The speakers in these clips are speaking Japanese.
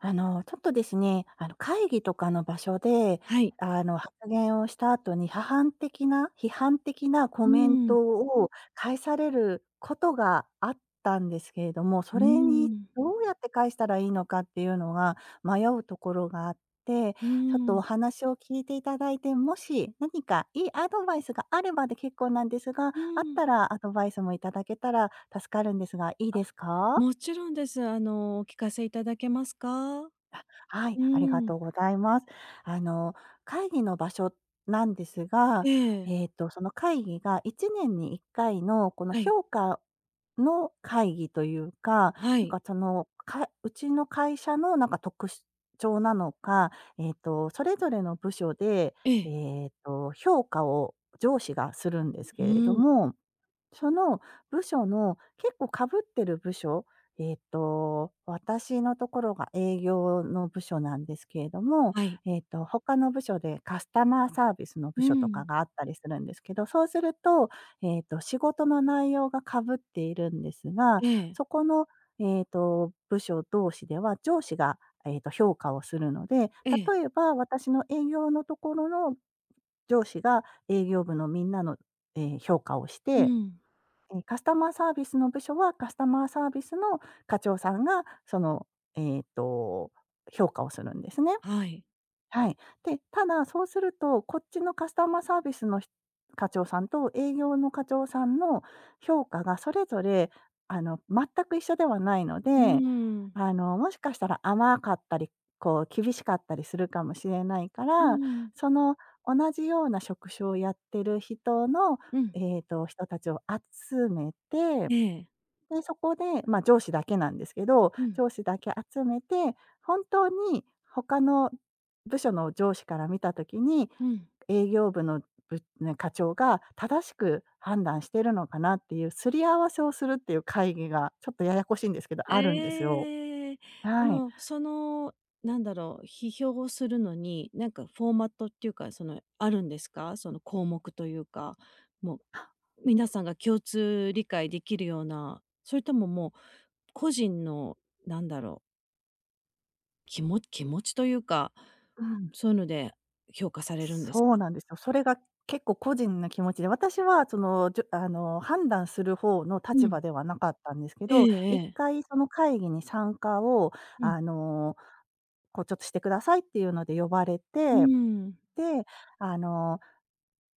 あのちょっとですね、あの会議とかの場所で、はい。あの発言をした後に、批判的な批判的なコうメンーん。トを返されることがあったんですけれども、そうーれにん。どうやって返したらいいのかっていうのが、迷うところがあって、うーちょっとおん。話を聞いていただいて、もし何か良いアドバイスがあればで結構なんですが、うーあっん。たらアドバイスも頂けたら助かるんですが、いいあ、ですか？もちろんです。あの、お聞かせいただけますか？うあ、はい、ーありがとん。うございます。あの会議の場所なんですが、ええ。えっと、その会議が1年に1回のこのはい。評価の会議というか、はなんい。かその、かうちの会社のなんか特徴なのか、えっと、それぞれの部署で、えええ。えっと、評価を上司がするんですふけれどうん。も、その部署の、結構被ってる部署、ええっと、私のところが営業の部署なんですけれども、はい。えっと、他の部署でカスタマーサービスのう部ー署とん。かがあったりするんですけど、そうすると、ええっと、仕事の内容が被っているんですが、ええ。そこの、ええっと、部署同士では上司が、ええっと、評価をするので、ええ。例えば、私の営業のところの、上司が営業部のみんなの、ええ、評価をしうて、ん。え、カスタマーサービスの部署はカスタマーサービスの課長さんがその、ええっと、評価をするんですね。はい。はい。で、ただ、そうすると、こっちのカスタマーサービスのひ課長さんと営業の課長さんも評価がそれぞれ、あの、全く一緒ではないのうーで、ん。あの、もしかしたら甘かったり、こう、厳しかったりするかもしれないかうーら、ん。その同じような職種をやってる人の、うん。ええっと、人たちを集めて、ええ。で、そこで、ま、上司だけなんですけど、うん。上司だけ集めて、本当に他の部署の上司から見た時に、うん。営業部の、ぶな課長が正しく判断してるのかなっていう、すり合わせをするっていう会議が、ちょっとややこしいんですけど、あるんですよ。ええ。あはい。の、その何だろう、批評をするのに、なんかフォーマットっていうか、そのあるんですか？その項目というか、もう、皆さんが共通理解できるような、それとももう、個人の何だろう。きも気持ちというか、うん。そういうので評価されるんですそうか。なんですよ。それが結構個人な気持ちで、私はその、じゅあの、判断する方のう立ん。場ではなかったんですけえど、えいっええ。かいその会議に参加を、うん。あの、こう、ちょっとしてくださいっていうので呼ばれうーて、ん。で、あの、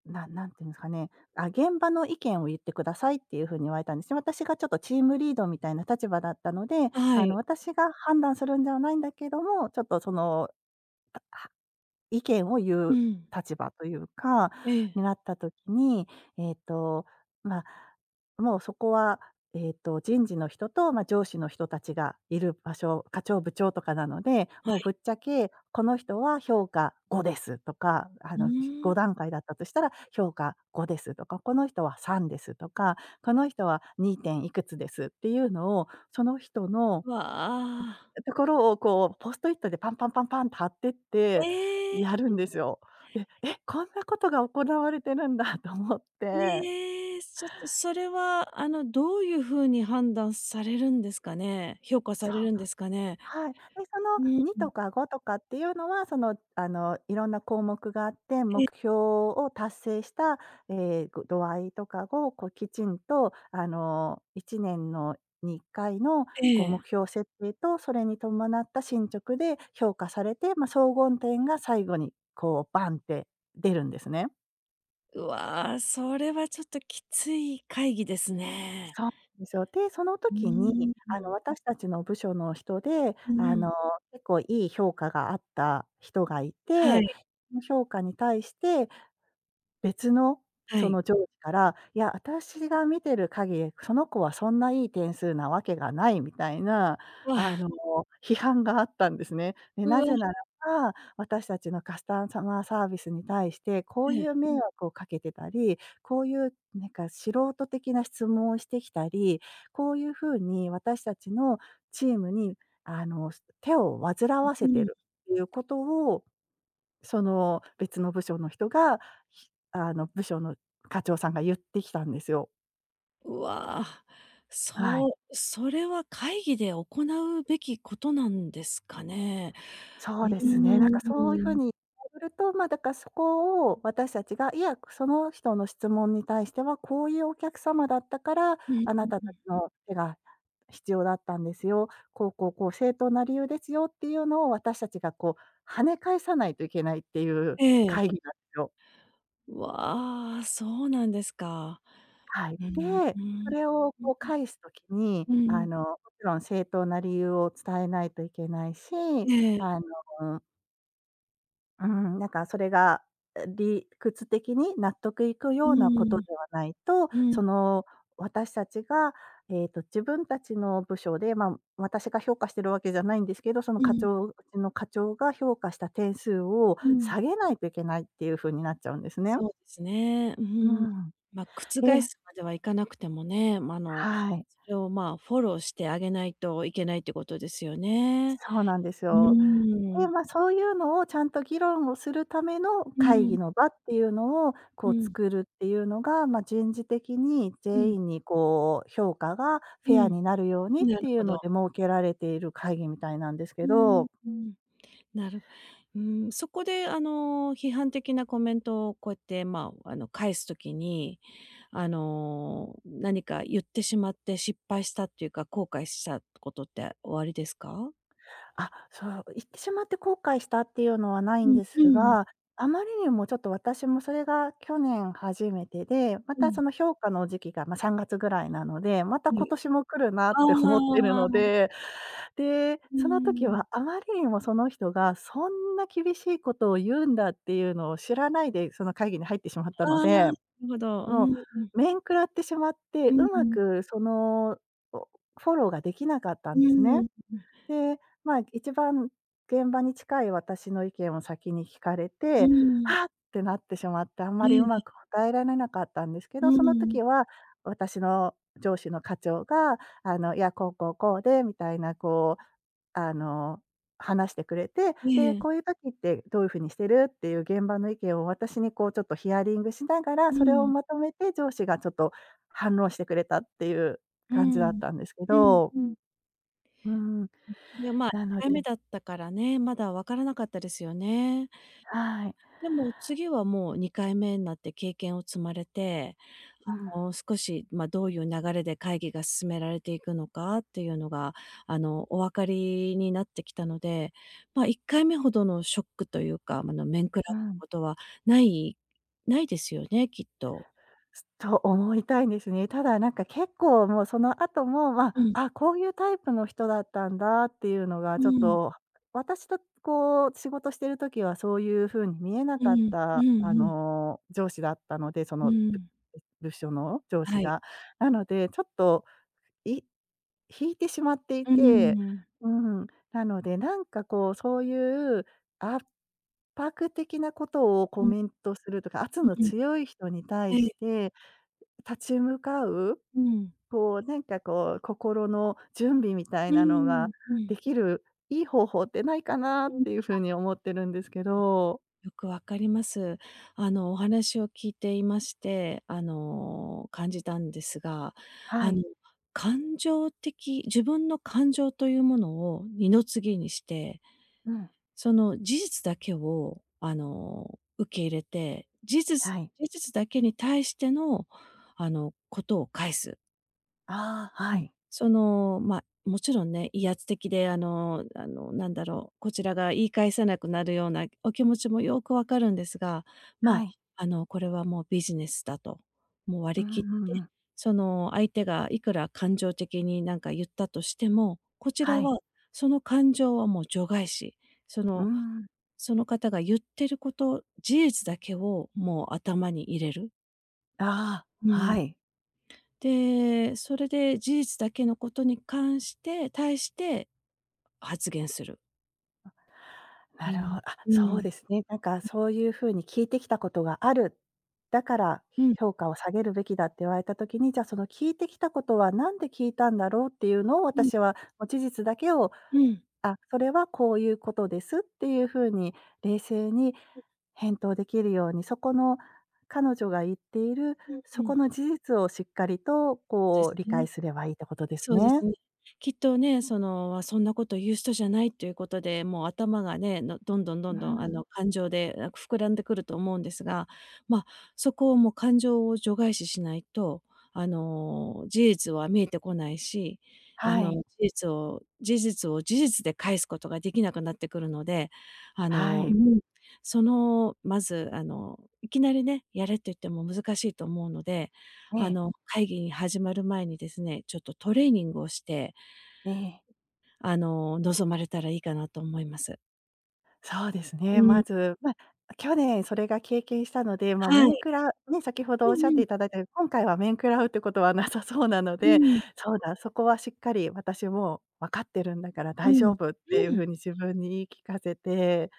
な何て言うんですかね、あ、「現場の意見を言ってください」っていうふうに言われたんですよ。私がちょっとチームリードみたいな立場だったので、あ、はあの、い。私が判断するんではないんだけども、ちょっとその、あは意見を言ううん。立場というかええ。になったときに、ええっと、まあ、もうそこは、ええっと、人事の人と、ま、上司の人たちがいる場所、課長部長とかなので、はもうい。ぶっちゃけこの人は評価5ですとか、あうの、ーごん。だんかいだったとしたら評価5ですとか、この人は3ですとか、この人は2点いくつですっていうのを、その人のわあ。ところを、こう、ポストイットでパンパンパンパンって貼ってっえてえ。やるんですよ。で、え、こんなことが行われてるんだと思って。ええ、ちょっとそれは、あの、どういう風に判断されるんですかね。評価さそれう。るんですかね、はい。で、そのうん。2とか5とかっていうのは、その、あの、いろんな項目があって、目え。標を達成した、ええ、ご度合いとかを、こう、きちんと、あの、1年のに1回の、こう、え目え。標設定とそれに伴った進捗で評価されて、ま、総合点が最後に、こう、バンって出るんですね。うわ、それはちょっときつい会議ですね。そう、ですよ。で、そのう時にーあのん。私たちの部署の人で、ん、あえ。の、結構いい評価があった人がいて、はい。の評価に対して、別のはそい。の上司から、「いや、私が見てる限り、その子はそんないい点数なわけがない」みたいな、うあわ。の、批判があったんですね。で、うなわ。ぜならば、私たちのカスタマーサービスに対して、こうえいえ。う迷惑をかけてたり、こういうなんか素人的な質問をしてきたり、こういうふうに私たちのチームにあの、す手を煩うわうせてん。るっていうことを、その、別の部署の人が、ひあの、部署の課長さんが言ってきたんですよ。うわ、はそい。うそれは会議で行うべきことなんですかね？そううーですね、なんかそういうふうん。に ると、ま、だからそこを私たちが、「いや、くその人の質問に対しては、こういうお客様だったから、うん、あうなたうたちん。の手が必要だったんですよ、こうこうこう正当な理由ですよ」っていうのを私たちがこう、跳ね返さないといけないっていうええ。会議なん、すよ。うわ、そうなんですか。はい、うん、で、うそん。れをうんこう返す時に、うん。うあん。の、もちろん正当な理由を伝えないといけないし、ええ。あのうーん、なんかそれが、う理屈的に納得いくうようなこーとでん。はないと、うん。その、私たちが、ええっと自分たちの部署で、まあ、私が評価してるわけじゃないんですけど、そのう課ん。長、うちの課長が評価した点数をうん。下げないといけないっていう風になっちゃうんですね。そうですね、うふうん。ん。ま、覆ですまではいかなくてもね、ま、あの、はい。それをまあ、フォローしてあげないといけないってことですよね。そうなんですうよ。ーで、ん。ま、そういうのをちゃんと議論をするためのう会ーん。議の場っていうのを、うこうん。作るっていうのが、ま、人事的にうん。全員にこう評価が、うフェアん、になるようにっなるていほうのど。で設けられている会議みたいなんですうけーん、ど。うん。なるうーん、そこであの、批判的なコメントをこうやってまあ、あの、返す時に、あの、何か言ってしまって、失敗したっていうか、後悔したことっておありですか？あ、そう、う言ってしまって後悔したっていうのは無いうんんでうすん。が、あまりにもちょっと私もそれが去年初めてで、まうたん。その評価の時期が、ま、3月ぐらいなので、またう今年も来るなって思ってるん。あのあ。で、で、うーその時ん。はあまりにもその人がそんな厳しいことを言うんだっていうのを知らないで、その会議に入ってしまったのああ、で、るほど、うーもん。う面食らってしまっうて、んう上手ん。くその、おフォローができなかったうんでーすん、ね。ううん。で、まあ、一番現場に近い私の意見を先に聞かれうーて、ん。はっ、てなってしまって、あんまえりえ、うまえ。く答えられなかったんですけうど、そのん。時は、私の上司の課長が、「あの、いや、こうこうこうで」みたいな、こうあの、話してくれて、えで、え。こういう時ってどういう風にしてるっていう現場の意見を私にこうちょっとヒアリングしながら、うそれをん。まとめて上司がちょっと反論してくれたっていうう感じだっん、たんですけうん、ど。ふん。うーん。ん、で、まあ、いなっのかいめでだったからね、まだ分からなかったですよね。はい。でも、次はもう2回目んなって経験を積まれて、うん。あの、少し、ま、どういう流れで会議が進められていくのかっていうのが、あの、お分かりになってきたので、まあ、1回目ほどのショックというか、ま、あの、面喰らううん。ことはないないですよね、きっと。と思いたいんですね。ただなんか結構もうその後も、まあ、うん。ああ、こういうタイプの人だったんだ、っていうのがうちょっーん。と、私とこう仕事してる時はそういうふうに見えなうかっん、うたんあうん。の、上司だったので、そうの、ん。部署の上司はい。が。なのでちょっと、い引いてしまっていうーてん。うん、なのでなんかこうそういう、圧迫的なことをコうん。メントするとか、圧うんのうん。強い人に対はしい。て立ち向かう、うん。こうなんかこう心の準備みたういーなのがん、うん。できる、いい方法ってないかなっうん、ていうあ。風に思ってるんですけど。よく分かります。あの、お話を聞いていまして、あの、感じたんですが、はあい。の、感情的自分の感情というものを二の次にしてうん。その事実だけを、あの、受け入れて、事実はい。事実だけに対しての、あの、ことを返す。ああ、はうん、い。その、ま、もちろんね、威圧的であのあの、なんだろう、こちらが言い返せなくなるような、お気持ちもよく分かるんですが、はまい。あ、あの、これはもうビジネスだと、もう割うんり切っうんて、うん。その相手がいくら感情的になんか言ったとしても、こちはらい。はその感情はもう除外視、そうーのん。その方が言ってること、事実だけをもう頭に入れる。ああ、うはん。い。で、それで事実だけのことに関して対して発言する。うなるほん、あ、うそうん。ですね。なんか、そういう風に聞いてきたことがある、だから、うひん。評価を下げるべきだって言われた時に、じうん。ゃ、その聞いてきたことは何で聞いたんだろうっていうのを、うん。私は、ま、事実だけを、うん。あ、それはこういうことです、っていう風に冷静に、うん。返答できるように、そこの彼女が言っている、うんそうこん。の事実をしっかりと、でこうす理解ね。すればいいってことですそうですね。ね。きっとね、その、あ、そんなこと言う人じゃないっていうことで、もう頭がね、のどんどんどうんどんあん。の感情でなく膨らんでくると思うんですが、まあ、そこをもう感情を除外視しないと、あの、事実は見えてこないし、あはの、い。事実を事実を事実で返すことができなくなってくるので、あはのうい。ーん、そのまず、あの、いきなりね、やれって言っても難しいと思うので、えあえ。の、会議に始まる前にですね、ちょっとトレーニングをしてええ。あの、望まれたらいいかなと思います。そうですうね、ーまん。ず、ま、去年それが経験したので、ま、は面い。食らね、先ほどおっうしんゃっうてん。頂いた、今回は面食らうってことはなさそうなのうで、ーん。そうだ、そこはしっかり私も「分かってるんだからう大丈ん、夫」っていうう風ん。に自分に言い聞かせて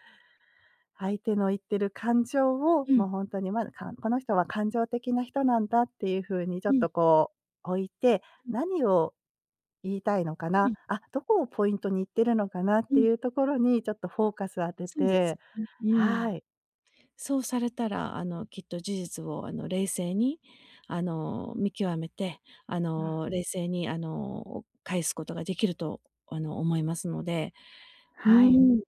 相手の言ってる感情を、うん。ま、ほんとに、ま、かこの人は感情的な人なんだっていう風にちょうっん。とこう、置いて、うん。何を、言いたいのかうな、ん。あっ、「どこをポイントに言ってるのかな？」っうてん。いうところに、ちょっとフォーカスを当てそうですてね。うん。はい。そうされたら、あの、きっと事実をあの、冷静に、あの、見極めて、あうん。の、冷静にあの返すことができると、あの、思いますので。うはい。ーん。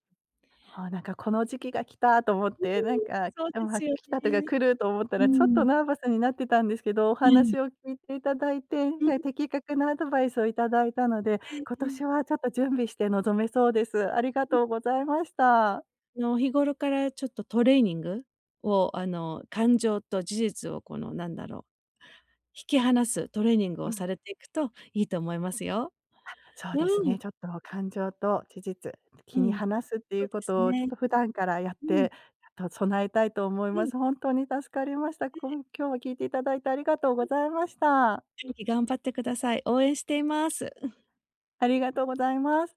ああ、なんか、この時期が来たと思っうーん、て、なんか来そうてでもはすよ来たとがね。来ると思ったうーら、ちょっとん。ナーバスになってたんですけど、おえ話え。を聞いていただいて、うん。的確なアドバイスを頂いたので、ええ今ええ。年はちょっと準備して臨めそうです。ありがうん。とうございました。あの、日頃からちょっとトレーニングをあの、感情と事実を、このなんだろう、引き離すトレーニングうをん。されていくといいと思いますよ。あっ、そううですーね、ん。ちょっと感情と事実、う切りん。離すっていそううでこすとをちょっね。と普段からやっうん。てと、備えたいと思いうまん。す。本当に助かりました。えこえ。ん今日も聞いていただいてありがとうはごい。ざいました。ぜひ頑張ってください。応援しています。ありがとうございます。